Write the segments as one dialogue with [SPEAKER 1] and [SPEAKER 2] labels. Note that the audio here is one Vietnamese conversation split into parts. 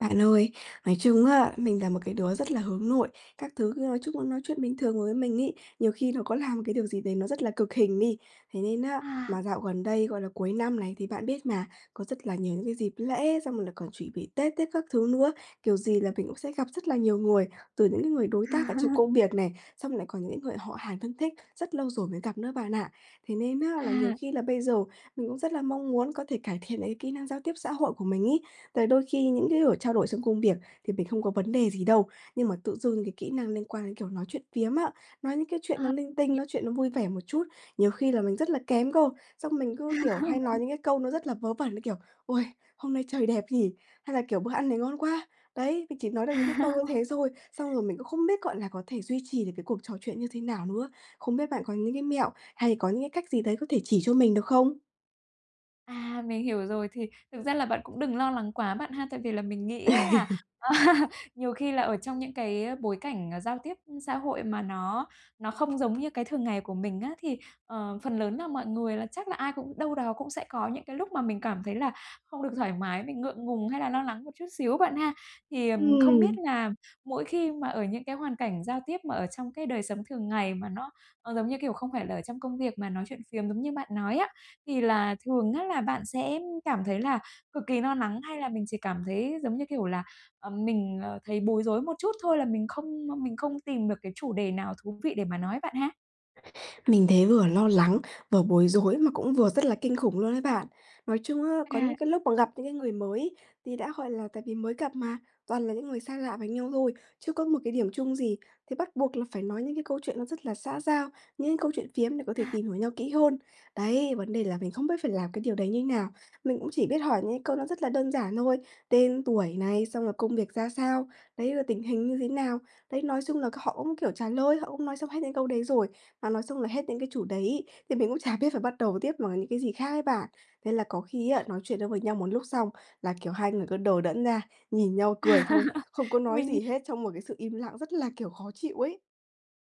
[SPEAKER 1] Bạn ơi, nói chung á, mình là một cái đứa rất là hướng nội, các thứ cứ nói chung là nói chuyện bình thường với mình ấy, nhiều khi nó có là một cái điều gì đấy nó rất là cực hình đi. Thế nên á
[SPEAKER 2] À.
[SPEAKER 1] mà dạo gần đây, gọi là, cuối năm này thì bạn biết mà, có rất là nhiều những cái dịp lễ xong rồi lại còn chỉ bị Tết tiếc các thứ nữa, kiểu gì là mình cũng sẽ gặp rất là nhiều người, từ những cái người đối tác
[SPEAKER 2] À.
[SPEAKER 1] ở trong công việc này, xong rồi lại còn những cái người họ hàng thân thích, rất lâu rồi mới gặp nữa bạn ạ. Thế nên á là nhiều
[SPEAKER 2] À.
[SPEAKER 1] khi là bây giờ mình cũng rất là mong muốn có thể cải thiện lại cái kỹ năng giao tiếp xã hội của mình ấy, tại đôi khi những cái ổi trao đổi trong công việc thì mình không có vấn đề gì đâu, nhưng mà tự dưng cái kỹ năng liên quan đến, kiểu, nói chuyện phiếm á, nói những cái chuyện
[SPEAKER 2] À
[SPEAKER 1] nó linh
[SPEAKER 2] hiểu.
[SPEAKER 1] tinh, nói chuyện nó vui vẻ một chút nhiều khi là mình rất là kém cơ. Xong mình cứ, kiểu, hay nói những cái câu nó rất là vớ vẩn, như kiểu: "Uầy! Hôm nay trời đẹp nhỉ," hay là, kiểu: "Bữa ăn này ngon quá," đấy, mình chỉ nói được những cái câu, ơ, thế
[SPEAKER 2] À.
[SPEAKER 1] xôi, xong rồi mình cũng không biết, gọi là, có thể duy trì được cái cuộc trò chuyện như thế nào nữa. Không biết bạn có những cái mẹo hay có những cái cách gì đấy có thể chỉ cho mình được không?
[SPEAKER 2] À, mình hiểu rồi, thì thực ra là bạn cũng đừng lo lắng quá bạn ha, tại vì là mình nghĩ á là, à, nhiều khi là ở trong những cái bối cảnh, ờ, giao tiếp xã hội mà nó nó không giống như cái thường ngày của mình á thì, ờ, phần lớn là mọi người là chắc là ai cũng đâu đó cũng sẽ có những cái lúc mà mình cảm thấy là không được thoải mái, mình ngượng ngùng hay là lo lắng một chút xíu, bạn ha? Thì, ừm, không biết
[SPEAKER 1] Ừm.
[SPEAKER 2] là mỗi khi mà ở những cái hoàn cảnh giao tiếp mà ở trong cái đời sống thường ngày mà nó, ờ, giống như, kiểu, không phải là ở trong công việc mà nói chuyện phiếm giống như bạn nói á, thì là thường á là bạn sẽ cảm thấy là cực kỳ lo lắng hay là mình chỉ cảm thấy, giống như kiểu, là, ờm, mình, ờ, thấy bối rối một chút thôi là mình không ơ, mình không tìm được cái chủ đề nào thú vị để mà nói bạn ha?
[SPEAKER 1] Mình thấy vừa lo lắng, vừa bối rối mà cũng vừa rất là kinh khủng luôn ấy bạn. Nói chung á, có những
[SPEAKER 2] À.
[SPEAKER 1] cái lúc mà gặp những cái người mới thì đã, gọi là, tại vì mới gặp mà, toàn là những người xa lạ với nhau thôi, chưa có một cái điểm chung gì, thì bắt buộc là phải nói những cái câu chuyện nó rất là xã giao, những cái câu chuyện phiếm để có thể
[SPEAKER 2] À.
[SPEAKER 1] tìm hiểu nhau kỹ hơn. Đấy, vấn đề là mình không biết phải làm cái điều đấy như nào? Mình cũng chỉ biết hỏi những cái câu nó rất là là đơn giản thôi, tên tuổi này, xong rồi công việc ra sao, đấy, rồi tình hình như thế nào. Đấy, nói chung là c họ cũng, kiểu, trả lời, họ cũng nói xong hết những câu đấy rồi, mà nói xong là hết những cái chủ đề ấy, thì mình cũng chả biết phải bắt đầu tiếp bằng những cái gì khác ấy bạn. Thê là có khi á, nói chuyện được với nhau một lúc xong là, kiểu, hai người cứ đờ đẫn ra, nhìn nhau
[SPEAKER 2] À,
[SPEAKER 1] cười thôi, không có nói
[SPEAKER 2] mình h
[SPEAKER 1] gì hết trong một cái sự im lặng rất là, kiểu, khó chịu ấy.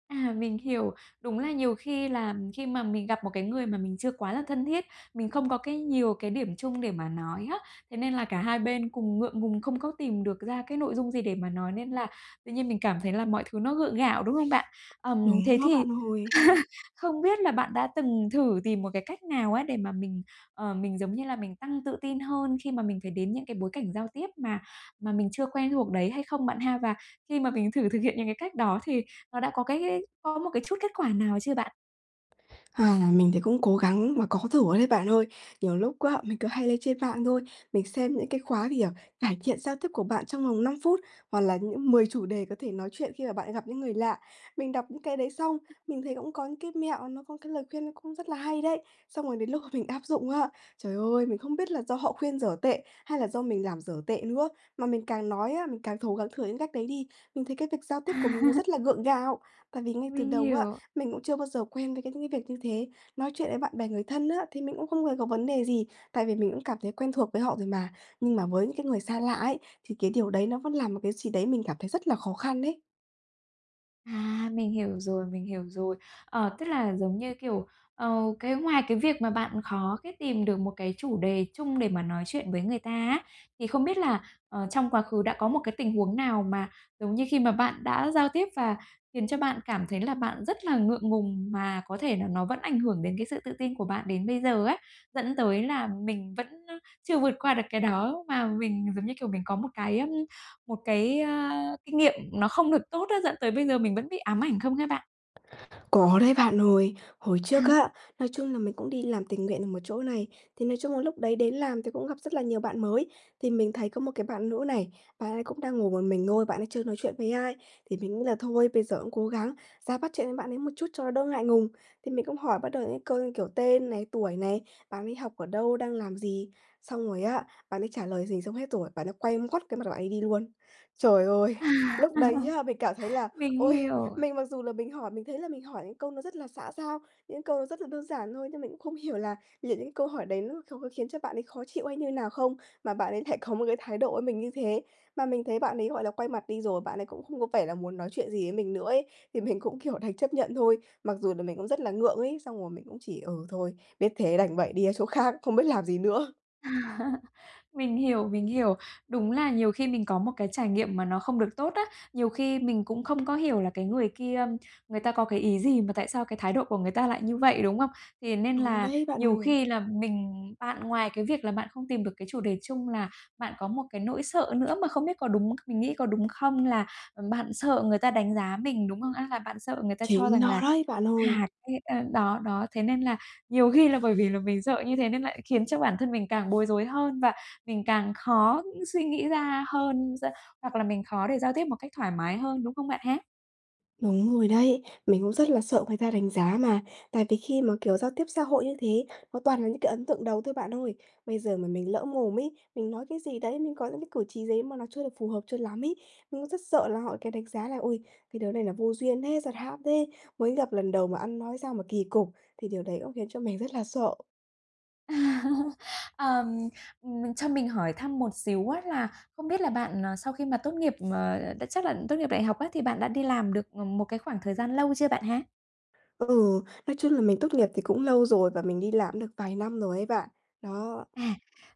[SPEAKER 2] À, mình hiểu. Đúng là nhiều khi làm khi mà mình gặp một cái người mà mình chưa quá là thân thiết, mình không có cái nhiều cái điểm chung để mà nói á, thế nên là cả hai bên cùng ngượng ngùng không có tìm được ra cái nội dung gì để mà nói, nên là tự nhiên mình cảm thấy là mọi thứ nó gượng gạo, đúng không bạn? Ờm, thế
[SPEAKER 1] Đúng đó
[SPEAKER 2] thì
[SPEAKER 1] bạn ơi.
[SPEAKER 2] không biết là bạn đã từng thử tìm một cái cách nào á, để mà mình, ờ, mình, giống như là, mình tăng tự tin hơn khi mà mình phải đến những cái bối cảnh giao tiếp mà mà mình chưa quen thuộc đấy hay không bạn ha? Và khi mà mình thử thực hiện những cái cách đó thì nó đã có cái cái có một cái chút kết quả nào chưa bạn?
[SPEAKER 1] À, mình thì cũng cố gắng mà có thử đấy bạn ơi. Nhiều lúc á mình cứ hay lên trên mạng thôi, mình xem những cái khóa gì à cải thiện giao tiếp của bạn trong vòng 5 phút hoặc là những 10 chủ đề có thể nói chuyện khi mà bạn gặp những người lạ. Mình đọc những cái đấy xong, mình thấy cũng có những cái mẹo, nó có cái lời khuyên cũng rất là hay đấy. Xong rồi đến lúc mà mình áp dụng á, trời ơi, mình không biết là do họ khuyên dở tệ hay là do mình làm dở tệ nữa mà mình càng nói á, mình càng thố gắng thử những cách đấy đi, mình thấy cái việc giao tiếp của mình nó rất là gượng gạo. Tại vì ngay từ
[SPEAKER 2] Mình
[SPEAKER 1] đầu á,
[SPEAKER 2] hiểu.
[SPEAKER 1] mình cũng chưa bao giờ quen với cái những cái việc như thế. Nói chuyện với bạn bè người thân á, thì mình cũng không hề có vấn đề gì tại vì mình cũng cảm thấy quen thuộc với họ rồi mà, nhưng mà với những cái người xa lạ ấy, thì cái điều đấy nó vẫn làm một cái gì đấy mình cảm thấy rất là khó khăn ấy.
[SPEAKER 2] À, mình hiểu rồi, mình hiểu rồi. Ờ, tức là giống như, kiểu, ờ, cái ngoài cái việc mà bạn khó cái tìm được một cái chủ đề chung để mà nói chuyện với người ta á, thì không biết là, ờ, trong quá khứ đã có một cái tình huống nào mà giống như khi mà bạn đã giao tiếp và khiến cho bạn cảm thấy là bạn rất là ngượng ngùng mà có thể là nó vẫn ảnh hưởng đến cái sự tự tin của bạn đến bây giờ ấy, dẫn tới là mình vẫn, ơ, chưa vượt qua được cái đó mà mình giống như, kiểu, mình có một cái, ờm, một cái, ơ, kinh nghiệm nó không được tốt á, dẫn tới bây giờ mình vẫn bị ám ảnh không ha bạn?
[SPEAKER 1] Có đấy bạn ơi, hồi trước
[SPEAKER 2] À.
[SPEAKER 1] á, nói chung là mình cũng đi làm tình nguyện ở một chỗ này, thì nói chung là lúc đấy đến làm thì cũng gặp rất là nhiều bạn mới. Thì mình thấy có một cái bạn nữ này, bạn ấy cũng đang ngồi một mình thôi, bạn ấy chưa nói chuyện với ai, thì mình nghĩ là "Thôi bây giờ cũng cố gắng ra bắt chuyện với bạn ấy một chút cho nó đỡ ngại ngùng." Thì mình cũng hỏi bắt đầu những câu như, kiểu, tên này, tuổi này, bạn ấy học ở đâu, đang làm gì, xong rồi á bạn ấy trả lời gì xong hết rồi bạn ấy quay ngoắt cái mặt bạn ấy đi luôn. Trời ơi!
[SPEAKER 2] À!
[SPEAKER 1] Lúc đấy á, mình cảm thấy là
[SPEAKER 2] Mình
[SPEAKER 1] ôi,
[SPEAKER 2] hiểu.
[SPEAKER 1] mình mặc dù là mình hỏi mình thấy là mình hỏi những câu nó rất là xã giao, những câu rất là đơn giản thôi nhưng mình cũng không hiểu là liệu những cái câu hỏi đấy nó nó có khiến cho bạn ấy khó chịu hay như nào không, mà bạn ấy lại có một cái thái độ với mình như thế? Mà mình thấy bạn ấy, gọi là, quay mặt đi rồi bạn ấy cũng không có vẻ là muốn nói chuyện gì với mình nữa ấy, thì mình cũng, kiểu, đành chấp nhận thôi, mặc dù là mình cũng rất là ngượng ấy. Xong rồi mình cũng chỉ: "Ừ, thôi, biết thế đành vậy đi ra chỗ khác, không biết làm gì nữa."
[SPEAKER 2] À, mình hiểu, mình hiểu. Đúng là nhiều khi mình có một cái trải nghiệm mà nó không được tốt á, nhiều khi mình cũng không có hiểu là cái người kia người ta có cái ý gì mà tại sao cái thái độ của người ta lại như vậy, đúng không? Thì nên
[SPEAKER 1] Đúng
[SPEAKER 2] là
[SPEAKER 1] đấy, bạn
[SPEAKER 2] nhiều
[SPEAKER 1] ơi.
[SPEAKER 2] khi là mình bạn ngoài cái việc là bạn không tìm được cái chủ đề chung là bạn có một cái nỗi sợ nữa, mà không biết có đúng mình nghĩ có đúng không? Là, ờ, bạn sợ người ta đánh giá mình, đúng không? A, là bạn sợ người ta cho
[SPEAKER 1] Chính
[SPEAKER 2] rằng
[SPEAKER 1] nó
[SPEAKER 2] là,
[SPEAKER 1] đấy, bạn ơi.
[SPEAKER 2] à, cái ờ, đó đó, thế nên là nhiều khi là bởi vì là mình sợ như thế nên lại khiến cho bản thân mình càng bối rối hơn, và mình càng khó những suy nghĩ ra hơn dơ hoặc là mình khó để giao tiếp một cách thoải mái hơn, đúng không bạn ha?
[SPEAKER 1] Đúng rồi đấy, mình cũng rất là sợ người ta đánh giá mà. Tại vì khi mà, kiểu, giao tiếp xã hội như thế, nó toàn là những cái ấn tượng đầu thôi bạn ơi. Bây giờ mà mình lỡ mồm ấy, mình nói cái gì đấy, mình có những cái cử chỉ gì ấy mà nó chưa được phù hợp cho lắm ấy, nhưng rất sợ là họ cái đánh giá là "Ôi, cái đứa này là vô duyên thế, giật hãm thế, mới gặp lần đầu mà ăn nói sao mà kỳ cục!" Thì điều đấy cũng khiến cho mình rất là sợ.
[SPEAKER 2] Ờm, ừm, cho mình hỏi thăm một xíu á là không biết là bạn, ờ, sau khi mà tốt nghiệp, ờ, chắc là tốt nghiệp đại học á, thì bạn đã đi làm được một cái khoảng thời gian lâu chưa bạn ha?
[SPEAKER 1] Ừ, nói chung là mình tốt nghiệp thì cũng lâu rồi, và mình đi làm cũng được vài năm rồi ấy bạn, đó.
[SPEAKER 2] À,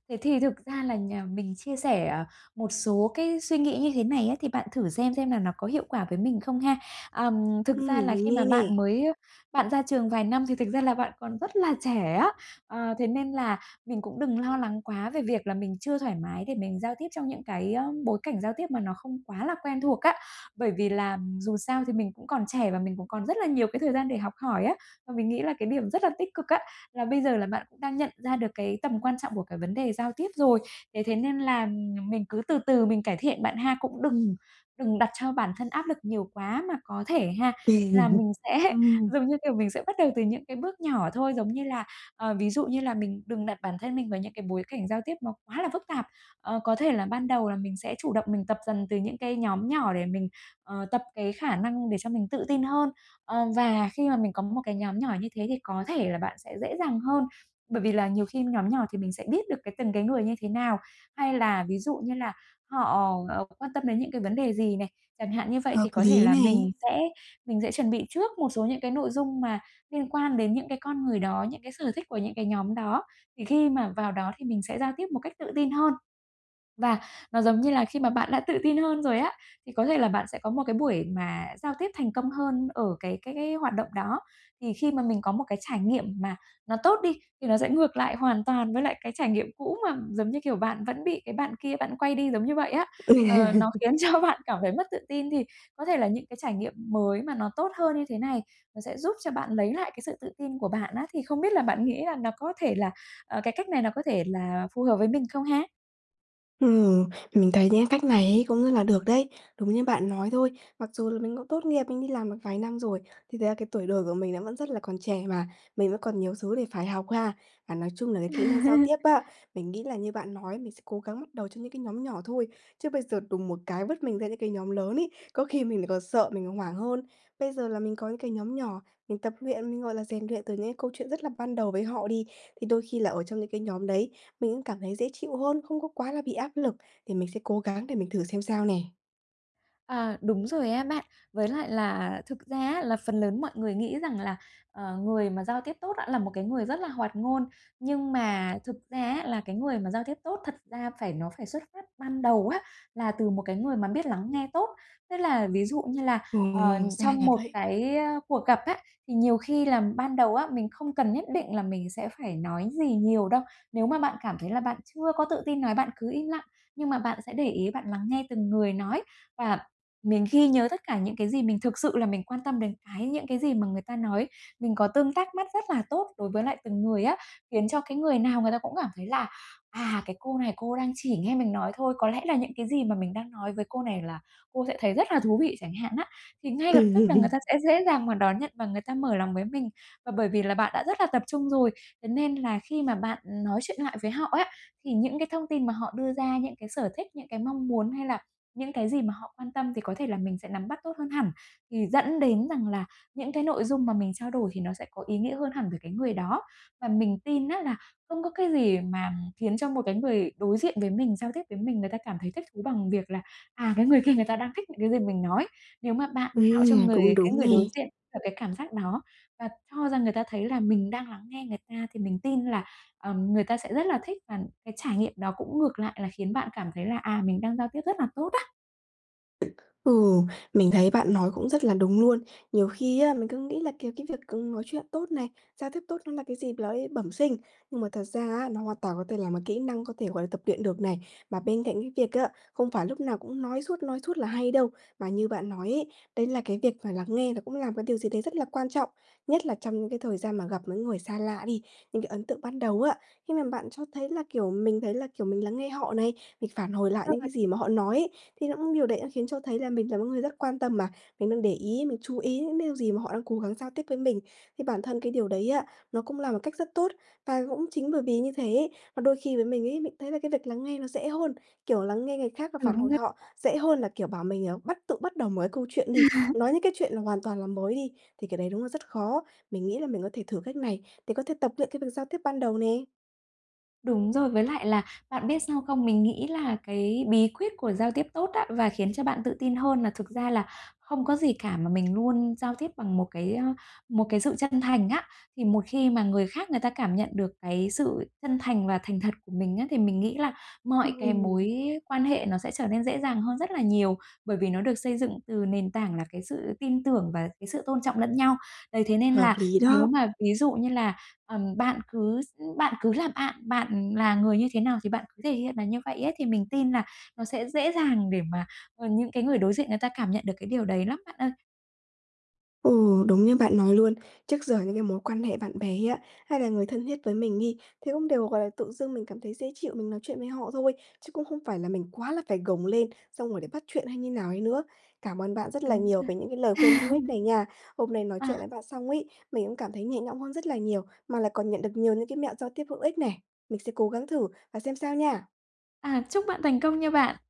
[SPEAKER 2] thế thì thực ra là nhà mình chia sẻ, ờ, một số cái suy nghĩ như thế này á, thì bạn thử xem xem là nó có hiệu quả với mình không ha. Ờm, thực ra
[SPEAKER 1] Ừm,
[SPEAKER 2] là
[SPEAKER 1] mình
[SPEAKER 2] khi
[SPEAKER 1] nghe
[SPEAKER 2] mà bạn
[SPEAKER 1] nè.
[SPEAKER 2] mới bạn ra trường vài năm thì thực ra là bạn còn rất là trẻ á, ờ, thế nên là mình cũng đừng lo lắng quá về việc là mình chưa thoải mái để mình giao tiếp trong những cái bối cảnh giao tiếp mà nó không quá là quen thuộc á. Bởi vì là, dù sao thì mình cũng còn trẻ, và mình cũng còn rất là nhiều cái thời gian để học hỏi á. Và mình nghĩ là cái điểm rất là tích cực á, là bây giờ là bạn cũng đang nhận ra được cái tầm quan trọng của cái vấn đề giao tiếp rồi. Đấy, thế nên là, ưm, mình cứ từ từ mình cải thiện bạn ha, cũng đừng đừng đặt cho bản thân áp lực nhiều quá, mà có thể ha, là mình sẽ,
[SPEAKER 1] ừm.
[SPEAKER 2] giống như kiểu, mình sẽ bắt đầu từ những cái bước nhỏ thôi, giống như là, ờ, ví dụ như là mình đừng đặt bản thân mình vào những cái bối cảnh giao tiếp nó quá là phức tạp, ờ, có thể là ban đầu là mình sẽ chủ động mình tập dần từ những cái nhóm nhỏ, để mình, ờ, tập cái khả năng để cho mình tự tin hơn. Ờ, và khi mà mình có một cái nhóm nhỏ như thế thì có thể là bạn sẽ dễ dàng hơn, bởi vì là nhiều khi nhóm nhỏ thì mình sẽ biết được cái từng cái người như thế nào, hay là ví dụ như là, họ, ờ, cũng quan tâm đến những cái vấn đề gì nè. Chẳng hạn như vậy
[SPEAKER 1] Hợp
[SPEAKER 2] thì có thể
[SPEAKER 1] lý
[SPEAKER 2] là mình
[SPEAKER 1] này.
[SPEAKER 2] sẽ mình sẽ chuẩn bị trước một số những cái nội dung mà liên quan đến những cái con người đó, những cái sở thích của những cái nhóm đó, thì khi mà vào đó, thì mình sẽ giao tiếp một cách tự tin hơn. Và, nó giống như là khi mà bạn đã tự tin hơn rồi á, thì có thể là bạn sẽ có một cái buổi mà giao tiếp thành công hơn, ở cái cái cái hoạt động đó. Thì khi mà mình có một cái trải nghiệm mà nó tốt đi, thì nó sẽ ngược lại hoàn toàn với lại cái trải nghiệm cũ, mà, giống như kiểu, bạn vẫn bị cái bạn kia bản quay đi giống như vậy á. Ờ, nó khiến cho bạn cảm thấy mất tự tin thì, có thể là những cái trải nghiệm mới mà nó tốt hơn như thế này, nó sẽ giúp cho bạn lấy lại cái sự tự tin của bạn á. Thì không biết là bạn nghĩ là nó có thể là, ờ, cái cách này nó có thể là phù hợp với mình không ha?
[SPEAKER 1] Ừm, mình thấy những cái cách này ấy cũng rất là được đấy. Đúng như bạn nói thôi, mặc dù là mình cũng tốt nghiệp, mình đi làm được vài năm rồi, thì thực ra cái tuổi đời của mình nó vẫn rất là còn trẻ mà, mình vẫn còn nhiều xứ để phải học ha. Và nói chung là cái kỹ năng giao tiếp á, mình nghĩ là như bạn nói, mình sẽ cố gắng bắt đầu trong những cái nhóm nhỏ thôi, chứ bây giờ đùng một cái vứt mình ra những cái nhóm lớn ấy, có khi mình lại còn sợ, mình hoảng hơn. Bây giờ là mình có những cái nhóm nhỏ, mình tập luyện, mình, gọi là, rèn luyện từ những cái câu chuyện rất là ban đầu với họ đi, thì đôi khi là ở trong những cái nhóm đấy, mình cũng cảm thấy dễ chịu hơn, không có quá là bị áp lực, thì mình sẽ cố gắng để mình thử xem sao nè.
[SPEAKER 2] À, đúng rồi á bạn. Với lại là thực ra á, là phần lớn mọi người nghĩ rằng là, ờ, người mà giao tiếp tốt đã là một cái người rất là hoạt ngôn, nhưng mà thực ra á là cái người mà giao tiếp tốt thật ra phải nó phải xuất phát ban đầu á là từ một cái người mà biết lắng nghe tốt. Tức là ví dụ như là,
[SPEAKER 1] Ồ!
[SPEAKER 2] ờ,
[SPEAKER 1] Ra
[SPEAKER 2] trong
[SPEAKER 1] là
[SPEAKER 2] một
[SPEAKER 1] vậy.
[SPEAKER 2] cái, ơ, cuộc gặp á, thì nhiều khi là ban đầu á, mình không cần nhất định là mình sẽ phải nói gì nhiều đâu, nếu mà bạn cảm thấy là bạn chưa có tự tin nói, bạn cứ im lặng, nhưng mà bạn sẽ để ý bạn lắng nghe từng người nói và mình ghi nhớ tất cả những cái gì mình thực sự là mình quan tâm đến cái những cái gì mà người ta nói. Mình có tương tác mắt rất là tốt đối với lại từng người á, khiến cho cái người nào người ta cũng cảm thấy là: "À, cái cô này cô ấy đang chỉ nghe mình nói thôi, có lẽ là những cái gì mà mình đang nói với cô này là cô sẽ thấy rất là thú vị" chẳng hạn á, thì ngay lập tức là người
[SPEAKER 1] Ừm.
[SPEAKER 2] ta sẽ dễ dàng mà đón nhận và người ta mở lòng với mình. Và bởi vì là bạn đã rất là tập trung rồi, thế nên là khi mà bạn nói chuyện lại với họ á, thì những cái thông tin mà họ đưa ra, những cái sở thích, những cái mong muốn hay là những cái gì mà họ quan tâm thì có thể là mình sẽ nắm bắt tốt hơn hẳn, thì dẫn đến rằng là những cái nội dung mà mình trao đổi thì nó sẽ có ý nghĩa hơn hẳn với cái người đó. Và mình tin á là không có cái gì mà khiến cho một cái người đối diện với mình, giao tiếp với mình người ta cảm thấy thích thú bằng việc là, à, cái người kia người ta đang thích những cái gì mình nói. Nếu mà bạn tạo cho
[SPEAKER 1] Ừm,
[SPEAKER 2] người
[SPEAKER 1] cũng
[SPEAKER 2] cái
[SPEAKER 1] đúng
[SPEAKER 2] người
[SPEAKER 1] nè.
[SPEAKER 2] đối diện được cái cảm giác đó và cho rằng người ta thấy là mình đang lắng nghe người ta thì mình tin là, ờm, người ta sẽ rất là thích và cái trải nghiệm đó cũng ngược lại là khiến bạn cảm thấy là: "À, mình đang giao tiếp rất là tốt" á.
[SPEAKER 1] Ừ, mình thấy bạn nói cũng rất là đúng luôn. Nhiều khi á, mình cứ nghĩ là cái cái việc, ừ, nói chuyện tốt này, giao tiếp tốt nó là cái gì b lói bẩm sinh, nhưng mà thật ra á, nó hoàn toàn có thể là một kỹ năng có thể, gọi là, tập luyện được này. Mà bên cạnh cái việc á, không phải lúc nào cũng nói suốt, nói suốt là hay đâu, mà như bạn nói ấy, đấy là cái việc phải lắng nghe nó cũng là cái điều gì đấy rất là quan trọng, nhất là trong những cái thời gian mà gặp những người xa lạ đi, những cái ấn tượng ban đầu á, khi mà bạn cho thấy là, kiểu, mình thấy là, kiểu, mình lắng nghe họ này, mình phản hồi
[SPEAKER 2] Đúng
[SPEAKER 1] lại những
[SPEAKER 2] rồi.
[SPEAKER 1] cái gì mà họ nói ấy, thì những điều đấy đã khiến cho thấy là mình là một cái người rất quan tâm mà, mình đang để ý, mình chú ý những điều gì mà họ đang cố gắng giao tiếp với mình. Thì bản thân cái điều đấy á, nó cũng là một cách rất tốt và cũng chính bởi vì như thế ấy, mà đôi khi với mình ấy, mình thấy là cái việc lắng nghe nó dễ hơn, kiểu, lắng nghe người khác và phản
[SPEAKER 2] Đúng
[SPEAKER 1] hồi
[SPEAKER 2] nh
[SPEAKER 1] họ dễ hơn là, kiểu, bảo mình, ờ, bắt tự bắt đầu một cái câu chuyện đi, nói những cái chuyện là hoàn toàn là mới đi, thì cái đấy đúng là rất khó. Mình nghĩ là mình có thể thử cách này để có thể tập luyện cái việc giao tiếp ban đầu nè.
[SPEAKER 2] Đúng rồi, với lại là bạn biết sao không? Mình nghĩ là cái bí quyết của giao tiếp tốt á và khiến cho bạn tự tin hơn là thực ra là không có gì cả, mà mình luôn giao tiếp bằng một cái, ơ, một cái sự chân thành á. Thì một khi mà người khác người ta cảm nhận được cái sự chân thành và thành thật của mình á, thì mình nghĩ là mọi cái
[SPEAKER 1] Ừm.
[SPEAKER 2] mối quan hệ nó sẽ trở nên dễ dàng hơn rất là nhiều bởi vì nó được xây dựng từ nền tảng là cái sự tin tưởng và cái sự tôn trọng lẫn nhau. Đấy, thế nên
[SPEAKER 1] Hợp
[SPEAKER 2] là
[SPEAKER 1] lý
[SPEAKER 2] nếu
[SPEAKER 1] đó.
[SPEAKER 2] mà ví dụ như là, ờm, bạn cứ s bạn cứ là bạn, bạn là người như thế nào thì bạn cứ thể hiện là như vậy ấy, thì mình tin là nó sẽ dễ dàng để mà, ờ, những cái người đối diện người ta cảm nhận được cái điều đấy lắm bạn ơi.
[SPEAKER 1] Ồ, đúng như bạn nói luôn, trước giờ những cái mối quan hệ bạn bè ấy ạ, hay là người thân thiết với mình đi, thế cũng đều, gọi là, tự dưng mình cảm thấy dễ chịu, mình nói chuyện với họ thôi, chứ cũng không phải là mình quá là phải gồng lên, xong rồi để bắt chuyện hay như nào ấy nữa. Cảm ơn bạn rất là
[SPEAKER 2] Đúng
[SPEAKER 1] nhiều
[SPEAKER 2] rồi.
[SPEAKER 1] về những cái lời khuyên hữu ích này nha. Hôm nay nói chuyện
[SPEAKER 2] À.
[SPEAKER 1] với bạn xong ấy, mình cũng cảm thấy nhẹ nhõm hơn rất là nhiều, mà lại còn nhận được nhiều những cái mẹo giao tiếp hữu ích này, mình sẽ cố gắng thử và xem sao nha.
[SPEAKER 2] À, chúc bạn thành công nha bạn.